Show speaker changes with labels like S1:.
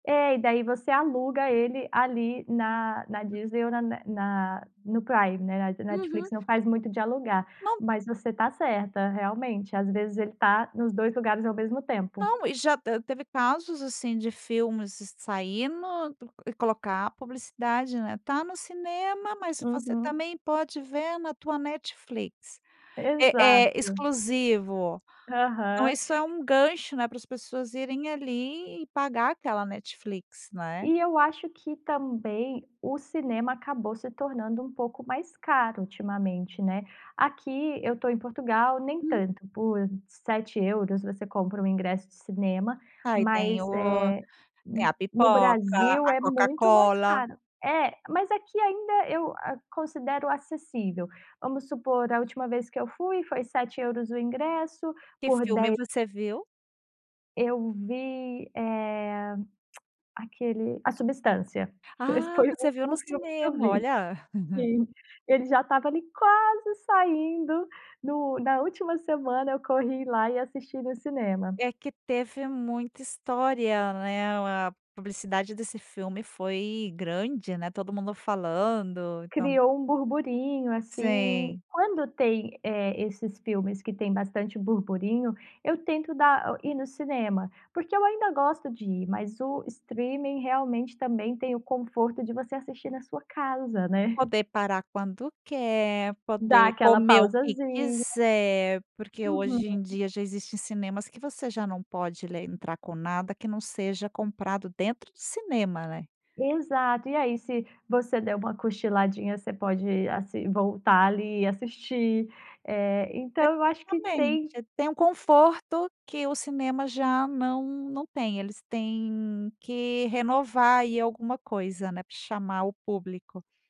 S1: É, e daí, você aluga ele ali, na na Disney, ou na ne na no Prime, né, a
S2: Uhum.
S1: Netflix, não faz muito de alugar,
S2: Não.
S1: mas você tá certa realmente, às vezes, ele tá nos 2 lugares, ao mesmo tempo.
S2: Não, e já, te teve casos, assim, de filmes saindo, e colocar a publicidade, né, tá no cinema, mas você,
S1: Uhum.
S2: também, pode ver na tua Netflix, é é
S1: Exato.
S2: exclusivo. Então,
S1: Aham.
S2: isso é um gancho, né, para as pessoas irem ali, e pagar aquela Netflix, né?
S1: E eu acho que, também, o cinema acabou se tornando, um pouco mais caro ultimamente, né, aqui eu tô em Portugal, nem
S2: Hum.
S1: tanto por €7, você compra um ingresso de cinema,
S2: Aí tem
S1: mas,
S2: o
S1: eh,
S2: tem
S1: no
S2: a
S1: no
S2: pipoca,
S1: Brasil
S2: a
S1: é muito mais
S2: Coca-Cola.
S1: caro, é mas aqui, ainda eu a considero acessível, vamos supor a última vez que eu fui, foi €7 o ingresso,
S2: Que
S1: por
S2: filme
S1: de
S2: você viu?
S1: Eu vi, eh, aquele, A Substância, esse
S2: Ah,
S1: foi o
S2: você viu no
S1: último filme que eu
S2: cinema,
S1: vi
S2: olha.
S1: Sim. Ele já estava ali, quase saindo, no na última semana, eu corri lá e assisti no cinema.
S2: É que teve muita história, né, a publicidade desse filme foi grande, né, todo mundo falando, então
S1: Criou um burburinho, assim,
S2: Sim.
S1: quando tem, eh, esses filmes que tem bastante burburinho, eu tento dar ir no cinema, porque eu ainda gosto de ir, mas o streaming, realmente, também, tem o conforto de você assistir, na sua casa né?
S2: Poder parar quando quer,
S1: Dá
S2: poder
S1: aquela
S2: comer o que
S1: "pausazinha."
S2: quiser, porque
S1: Uhum.
S2: hoje em dia, já existem cinemas, que você já não pode le entrar com nada, que não seja comprado dentro do cinema, né?
S1: Exato, e aí, se você der uma "cochiladinha" você pode asi voltar ali, assistir, eh, então eu acho que tem
S2: Exatamente, tem um conforto, que o cinema já não não tem, eles têm que renovar aí alguma coisa, né, pra chamar o público.